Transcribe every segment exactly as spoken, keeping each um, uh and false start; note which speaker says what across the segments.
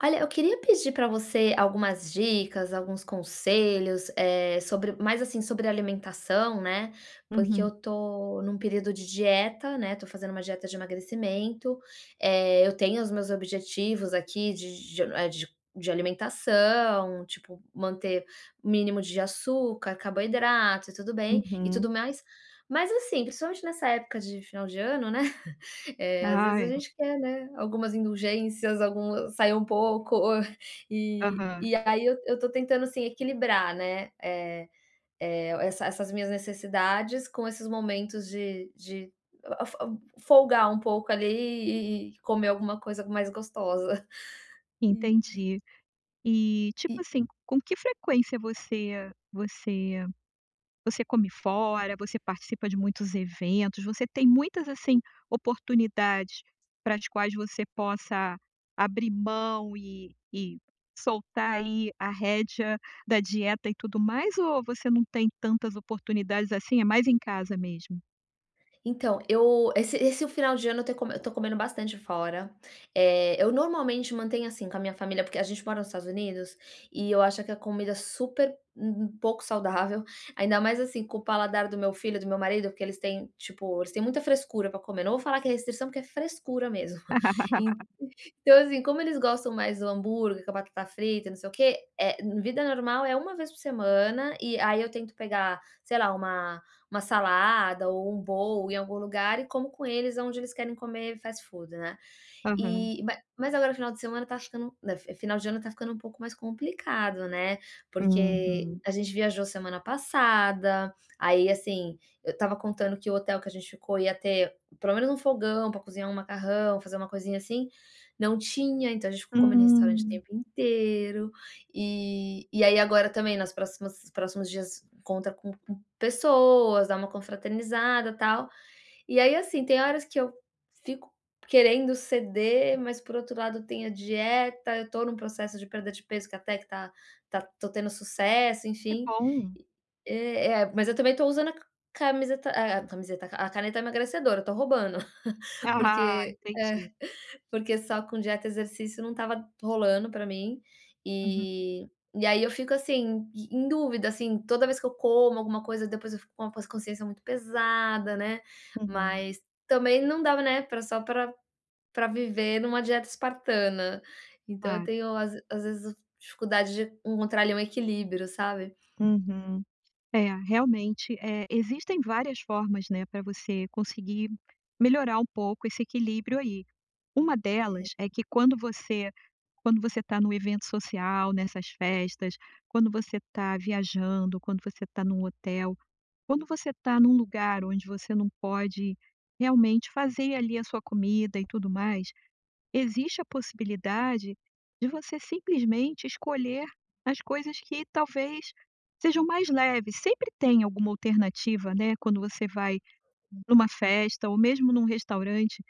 Speaker 1: Olha, eu queria pedir pra você, algumas dicas, alguns conselhos, eh, sobre mais assim, sobre alimentação, né, porque eu
Speaker 2: Uhum.
Speaker 1: tô num período de dieta, né, tô fazendo uma dieta de emagrecimento. Eh, eu tenho os meus objetivos aqui de de eh, de de alimentação, tipo manter um mínimo de açúcar, carboidrato e tudo bem, e tudo
Speaker 2: Uhum.
Speaker 1: mais. Mas assim, principalmente nessa época de final de ano, né, eh, às
Speaker 2: Ah
Speaker 1: vezes a
Speaker 2: é.
Speaker 1: gente quer, né, algumas indulgências, algum sair um pouco. Ou, eh,
Speaker 2: Aham.
Speaker 1: e aí eu eu tô tentando assim equilibrar, né, eh eh, essa essas minhas necessidades com esses momentos de de a a a fo folgar um pouco ali, e e comer alguma coisa mais gostosa, hum.
Speaker 2: Entendi. E tipo
Speaker 1: Eh
Speaker 2: assim, com que frequência você você você come fora? Você participa de muitos eventos? Você tem muitas assim, oportunidades para as quais você possa abrir mão, e e soltar aí, a rédea da dieta e tudo mais? Ou você não tem tantas oportunidades assim, é mais em casa mesmo?
Speaker 1: Então, eu, esse esse final de ano eu tô eu tô comendo bastante fora, eh, eu normalmente mantenho assim com a minha família porque a gente mora nos Estados Unidos e eu acho que a comida é super um um pouco saudável, ainda mais assim com o paladar do meu filho, do meu marido porque eles têm, tipo, eles têm muita frescura pra comer, não vou falar que é restrição porque é frescura mesmo. En então assim, como eles gostam mais do hambúrguer, com a batata frita, não sei o quê, eh, vida normal é uma vez por semana, e aí eu tento pegar, sei lá, uma uma salada ou bowl em algum lugar e como com eles aonde eles querem comer fast food, né,
Speaker 2: Aham.
Speaker 1: e ma mas agora o final de semana tá ficando, final de ano tá ficando um pouco mais complicado, né, porque
Speaker 2: Uhum.
Speaker 1: a gente viajou semana passada, aí assim, eu estava contando que o hotel que a gente ficou ia ter pelo menos um fogão pra cozinhar um macarrão, fazer uma coisinha assim, não tinha, então a gente ficou comendo em restaurante o
Speaker 2: Hum.
Speaker 1: tempo inteiro, e e aí agora também nos próximos próximos dias encontra com com pessoas, dá uma confraternizada e tal, e aí assim tem horas que eu fico querendo ceder, mas por outro lado tem a dieta, eu tô num processo de perda de peso que até que tá tá tô tendo sucesso,
Speaker 2: Que
Speaker 1: enfim,
Speaker 2: bom.
Speaker 1: eh eh eh, mas eu também tô usando a camiseta eh, camiseta a caneta emagrecedora, eu tô roubando,
Speaker 2: Ahá,
Speaker 1: porque eh,
Speaker 2: entendi.
Speaker 1: porque só com dieta e exercício não estava rolando pra mim,
Speaker 2: Uhum.
Speaker 1: eh, e aí eu fico assim em em dúvida assim, toda vez que eu como alguma coisa depois eu fico com a consciência muito pesada, né,
Speaker 2: Uhum.
Speaker 1: mas também não dá, né, pra só viver numa dieta espartana, então eu
Speaker 2: Claro.
Speaker 1: tenho às às vezes dificuldade de encontrar ali um equilíbrio, sabe?
Speaker 2: Uhum, eh, realmente, eh, existem várias formas, né, pra você conseguir melhorar um pouco esse equilíbrio aí, uma
Speaker 1: É.
Speaker 2: delas é que quando você quando você tá no evento social, nessas festas, quando você tá viajando, quando você tá num hotel, quando você tá num lugar onde você não pode realmente fazer ali a sua comida e tudo mais, existe a possibilidade de você simplesmente escolher as coisas que talvez sejam mais leves, sempre tem alguma alternativa, né, quando você vai
Speaker 1: Hum.
Speaker 2: pra uma festa ou mesmo num restaurante,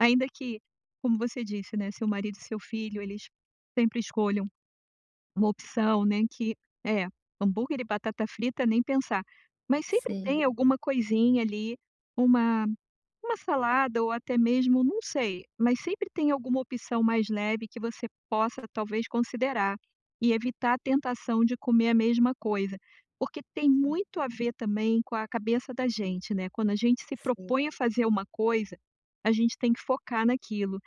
Speaker 2: ainda que, como você disse, né, o seu marido e o seu filho eles sempre escolham uma opção, né, que é hambúrguer e batata frita, nem pensar, mas sempre
Speaker 1: Sim.
Speaker 2: tem alguma coisinha ali, uma uma salada ou até mesmo não sei, mas sempre tem alguma opção mais leve que você possa talvez considerar, e evitar a tentação de comer a mesma coisa, porque tem
Speaker 1: Sim.
Speaker 2: muito a ver também com a cabeça da gente, né, quando a gente se
Speaker 1: Sim.
Speaker 2: propõe a fazer uma coisa, a gente tem que focar naquilo,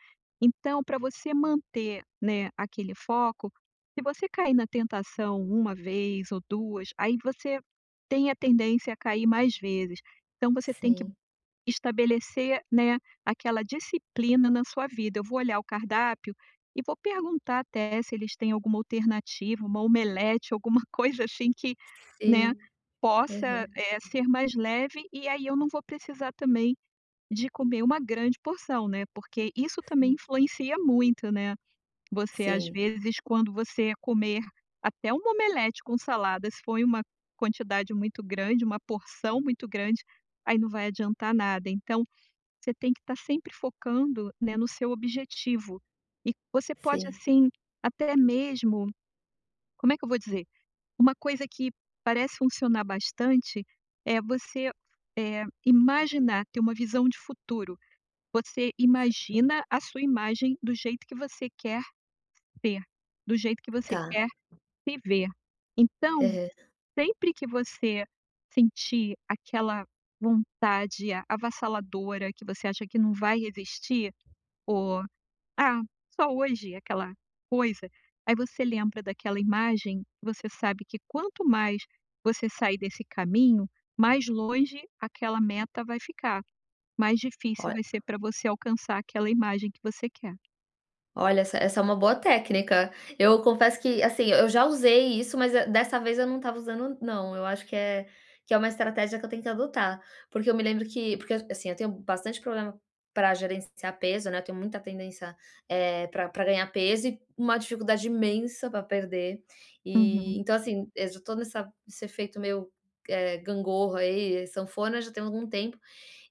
Speaker 2: então pra você manter, né, aquele foco, se você cair na tentação uma vez ou duas aí você tem a tendência a cair mais vezes, então você tem que
Speaker 1: Sim.
Speaker 2: estabelecer, né, aquela disciplina na sua vida, eu vou olhar o cardápio, e vou perguntar até se eles têm alguma alternativa, uma omelete, alguma coisa assim que, né,
Speaker 1: Sim.
Speaker 2: possa,
Speaker 1: Aham.
Speaker 2: eh, ser mais leve e aí eu não vou precisar também de comer uma grande porção, né, porque isso também
Speaker 1: Sim.
Speaker 2: influencia muito, né, você às
Speaker 1: Sim.
Speaker 2: vezes quando você comer até uma omelete com salada, se for em uma quantidade muito grande, uma porção muito grande, aí não vai adiantar nada, então você tem que tá sempre focando, né, no seu objetivo, e você pode,
Speaker 1: Sim.
Speaker 2: assim, até mesmo, como é que eu vou dizer, uma coisa que parece funcionar bastante, é você, eh, imaginar, ter uma visão de futuro, você
Speaker 1: Si
Speaker 2: imagina a sua imagem do jeito que você quer ser, do jeito que você
Speaker 1: Tá.
Speaker 2: quer viver, então,
Speaker 1: Aham.
Speaker 2: sempre que você sentir aquela vontade avassaladora que você acha que não vai resistir, ou, ah, "só hoje, aquela coisa," aí você lembra daquela imagem, você sabe que quanto mais você sair desse caminho, mais longe aquela meta vai ficar, mais difícil
Speaker 1: Olh
Speaker 2: vai ser pra você alcançar aquela imagem que você quer.
Speaker 1: Olha, essa essa é uma boa técnica. Eu confesso que assim e eu já usei isso, mas, eh, dessa vez eu não estava usando, n não. Eu acho que é que é uma estratégia que eu tenho que adotar. Porque eu me lembro que porque, assim, eu tenho bastante problema pra gerenciar peso, né. Eu tenho muita tendência eh, pra pra ganhar peso e u uma dificuldade imensa pra perder. E,
Speaker 2: Uhum.
Speaker 1: então, assim, eu já tô nessa nesse efeito meio, eh, gangorra, aí, sanfona, já tem algum tempo.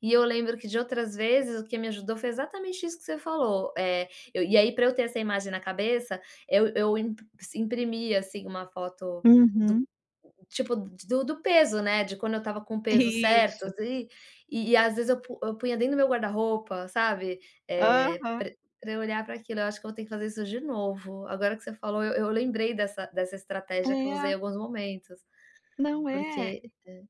Speaker 1: E eu lembro que de outras vezes o que me ajudou, foi exatamente isso que você falou. Eh, eu e aí para eu ter essa imagem na cabeça, eu eu imp se imprimia, assim, uma foto do
Speaker 2: Uhum.
Speaker 1: tipo do do peso, né. De quando eu estava com o peso certo.
Speaker 2: Isso.
Speaker 1: E e e, às vezes, eu pu eu punha dentro do meu guarda-roupa, sabe, eh,
Speaker 2: Aham.
Speaker 1: pra pra eu olhar para aquilo. Eu acho que eu ter que fazer isso de novo. Agora que você falou eu eu lembrei dessa dessa estratégia que eu usei em
Speaker 2: É.
Speaker 1: alguns momentos.
Speaker 2: Não, é.
Speaker 1: Porque aham.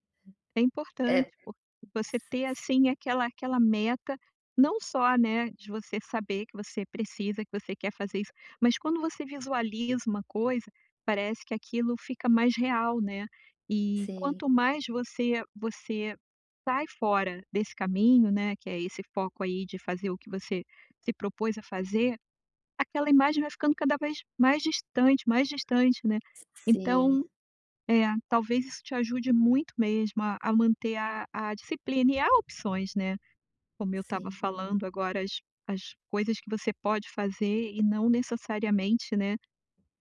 Speaker 2: É
Speaker 1: É
Speaker 2: importante
Speaker 1: s
Speaker 2: porque você ter,
Speaker 1: s
Speaker 2: assim, aquela aquela meta. Não só, né, de você saber que você precisa, que você quer fazer isso. Mas quando você visualiza uma coisa, parece que aquilo fica mais real, né. E
Speaker 1: Sim.
Speaker 2: quanto mais você você sai fora desse caminho, né, que é esse foco aí de fazer o que você se propôs a fazer, aquela imagem vai ficando cada vez mais distante, mais distante, né. Então,
Speaker 1: Sim.
Speaker 2: é, talvez isso te ajude muito mesmo a a manter a a disciplina e há opções, né. Como eu estava
Speaker 1: Sim.
Speaker 2: falando agora, as as coisas que você pode fazer e não necessariamente, né.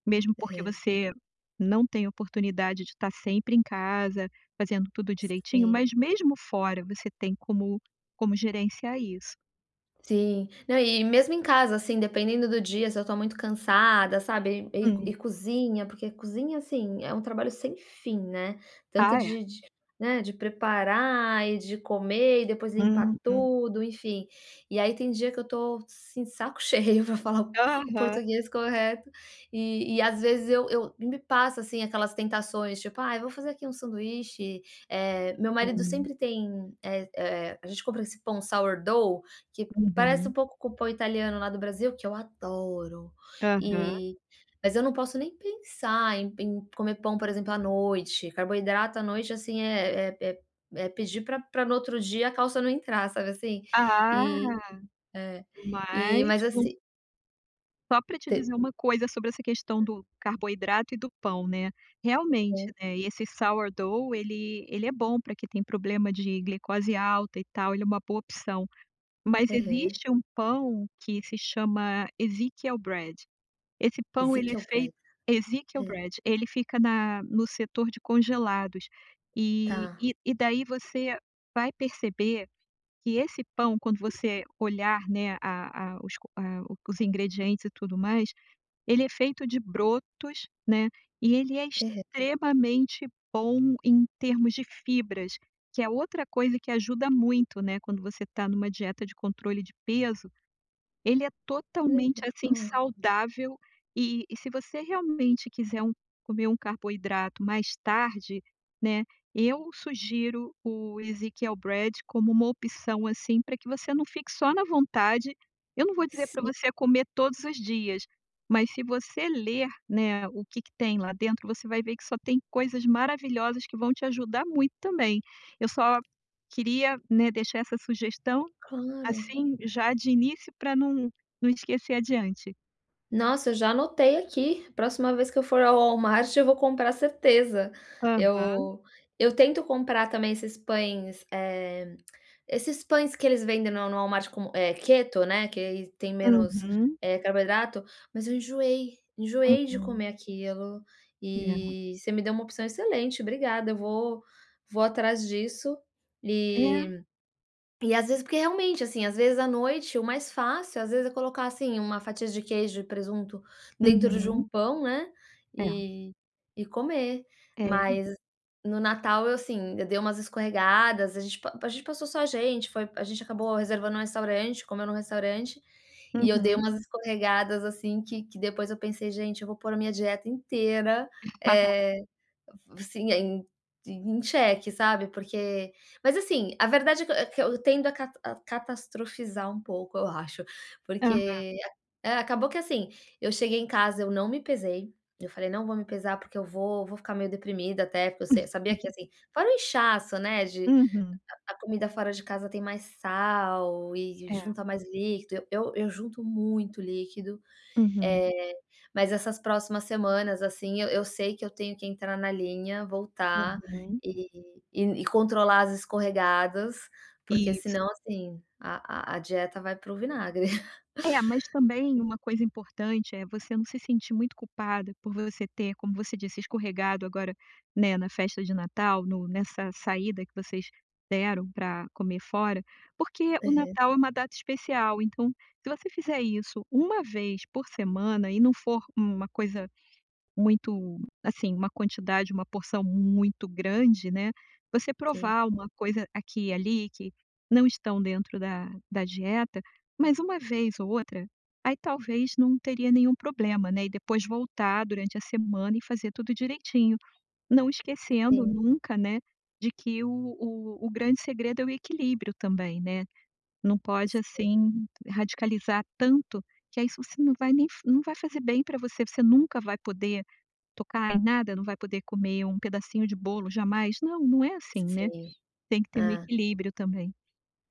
Speaker 2: Mesmo porque,
Speaker 1: É.
Speaker 2: você não tem oportunidade de estar sempre em casa, fazendo tudo direitinho.
Speaker 1: Sim.
Speaker 2: Mas mesmo fora você tem como como gerenciar isso.
Speaker 1: Sim. Não, e mesmo em casa, assim, dependendo do dia se eu tô muito cansada, sabe, e e
Speaker 2: Hum.
Speaker 1: e cozinha, porque cozinha, assim, é um trabalho sem fim, né, tanto
Speaker 2: Ah, é.
Speaker 1: de de, né, de preparar e de comer e depois limpar
Speaker 2: Uhum.
Speaker 1: tudo, enfim. E aí tem dia que eu tô, assim, de saco cheio pra falar o o
Speaker 2: Aham.
Speaker 1: português correto. E e às vezes eu eu e me passa, assim, aquelas tentações, tipo: "Ai, vou fazer aqui um sanduíche", eh, meu marido
Speaker 2: Hum.
Speaker 1: sempre tem, eh eh, a gente compra esse pão sourdough que parece um
Speaker 2: Uhum.
Speaker 1: pouco com o pão italiano lá do Brasil, que eu adoro,
Speaker 2: Aham.
Speaker 1: e mas eu não posso nem pensar em em comer pão, por exemplo, à noite, carboidrato à noite, assim, é é é pedir pra pra no outro dia a calça não entrar, sabe, assim.
Speaker 2: Ah,
Speaker 1: E é. E
Speaker 2: mas,
Speaker 1: mas,
Speaker 2: não
Speaker 1: assi
Speaker 2: Só pra te
Speaker 1: Te
Speaker 2: dizer uma coisa sobre essa questão do carboidrato e do pão, né. Realmente,
Speaker 1: Hum.
Speaker 2: né, esse sourdough ele ele é bom pra quem tem problema de glicose alta e tal, ele é uma boa opção. Mas
Speaker 1: Aham.
Speaker 2: existe um pão que se chama Ezekiel Bread esse pão ele é
Speaker 1: Ezekiel Bread.
Speaker 2: feito Ezekiel
Speaker 1: Hã.
Speaker 2: Bread ele fica na no setor de congelados. E
Speaker 1: Tá.
Speaker 2: e e daí você vai perceber que esse pão, quando você olhar, né, a a os a os ingredientes e tudo mais, ele é feito de brotos, né, e ele é
Speaker 1: Aham.
Speaker 2: extremamente bom em termos de fibras, que é outra coisa que ajuda muito, né, quando você tá numa dieta de controle de peso. Ele é totalmente,
Speaker 1: Legal.
Speaker 2: assim, saudável e e se você realmente quiser um comer um carboidrato mais tarde, né, eu sugiro o Ezekiel Bread como uma opção, assim, pra que você não fique só na vontade. Eu não vou dizer pra
Speaker 1: Sim.
Speaker 2: você comer todos os dias, mas se você ler, né, o que que tem lá dentro, você vai ver que só tem coisas maravilhosas que vão te ajudar muito também. Eu só queria, né, deixar essa sugestão,
Speaker 1: Claro.
Speaker 2: assim, já de início pra não não esquecer adiante.
Speaker 1: Nossa, eu já anotei aqui, próxima vez que eu for ao Walmart eu vou comprar certeza.
Speaker 2: Aham.
Speaker 1: Eu eu tento comprar também esses pães, eh, esses pães que eles vendem no no Walmart com, eh, keto, né, que aí tem menos,
Speaker 2: Uhum.
Speaker 1: eh, carboidrato, mas eu enjoei, enjoei de
Speaker 2: Uhum.
Speaker 1: comer aquilo
Speaker 2: É.
Speaker 1: e você me deu uma opção excelente, obrigada. Eu vou vou atrás disso,
Speaker 2: É.
Speaker 1: e e, às vezes, porque realmente, assim, às vezes à noite o mais fácil às vezes é colocar, assim, uma fatia de queijo e presunto dentro de
Speaker 2: Uhum.
Speaker 1: um pão, né,
Speaker 2: É.
Speaker 1: e e comer.
Speaker 2: É.
Speaker 1: Mas no natal eu, assim, eu dei umas escorregadas, a gente pa a gente passou só a gente, foi a gente acabou reservando um restaurante, comeu num restaurante, e eu dei
Speaker 2: Uhum.
Speaker 1: umas escorregadas, assim, que que depois eu pensei: "Gente, eu vou pôr a minha dieta inteira, eh, assim, em em cheque", sabe. Porque mas, assim, a verdade é que eu que eu tendo a ca a catastrofizar um pouco eu acho,
Speaker 2: Aham.
Speaker 1: porque é, acabou que, assim, eu cheguei em casa eu não me pesei, eu falei: "Não vou me pesar, porque eu vou vou ficar meio deprimida", até porque eu se sabia que, assim, fora o inchaço, né, de
Speaker 2: Uhum.
Speaker 1: a a comida fora de casa tem mais sal e
Speaker 2: É.
Speaker 1: junta mais líquido, eu eu junto muito líquido,
Speaker 2: Uhum.
Speaker 1: eh, mas essas próximas semanas, assim, eu eu sei que eu tenho que entrar na linha, voltar,
Speaker 2: Uhum.
Speaker 1: e e e controlar as escorregadas, porque
Speaker 2: Isso.
Speaker 1: senão, assim, a a a dieta vai para o vinagre.
Speaker 2: É, mas também uma coisa importante é você não se sentir muito culpada por você ter, como você disse, escorregado agora, né, na festa de natal no nessa saída que vocês deram pra comer fora. Porque o
Speaker 1: Aham.
Speaker 2: natal é uma data especial, então, se você fizer isso uma vez por semana e não for uma coisa muito, assim, uma quantidade, uma porção muito grande, né, você
Speaker 1: Sim.
Speaker 2: provar uma coisa aqui e ali que não estão dentro da da dieta, mas uma vez ou outra, aí talvez não teria nenhum problema, né, e depois voltar durante a semana e fazer tudo direitinho, não esquecendo
Speaker 1: Sim.
Speaker 2: nunca, né, de que o o o grande segredo é o equilíbrio também, né. Não pode,
Speaker 1: Sim.
Speaker 2: assim, radicalizar tanto, que aí você não vai nem não vai fazer bem pra você, você nunca vai poder tocar em nada, não vai poder comer um pedacinho de bolo jamais? Não, não é assim, né,
Speaker 1: Sim.
Speaker 2: tem que ter um
Speaker 1: Ah.
Speaker 2: equilíbrio também.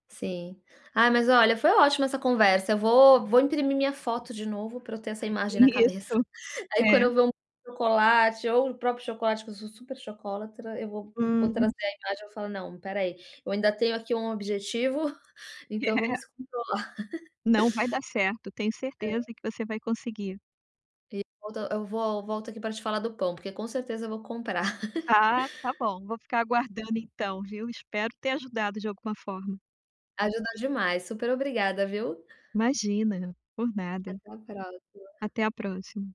Speaker 1: Sim. Ah, mas olha, foi ótimo essa conversa, eu vou vou imprimir minha foto de novo pra eu ter essa imagem na cabeça.
Speaker 2: Isso.
Speaker 1: Aí quando
Speaker 2: É.
Speaker 1: eu ver um chocolate ou o próprio chocolate, que eu sou super chocólatra, eu vou vou
Speaker 2: Uhum.
Speaker 1: trazer a imagem, eu vou falar: "Não, espera aí, eu ainda tenho aqui um objetivo, então vamos controlar".
Speaker 2: Não, vai dar certo, tenho
Speaker 1: É.
Speaker 2: certeza que você vai conseguir.
Speaker 1: E volto eu vol volto aqui pra te falar do pão, porque com certeza eu vou comprar.
Speaker 2: Ah, tá bom, vou ficar aguardando então, viu. Espero ter ajudado de alguma forma.
Speaker 1: Ajudou demais. Super obrigada, viu.
Speaker 2: Imagina, por nada.
Speaker 1: Até a próxima.
Speaker 2: Até a próxima.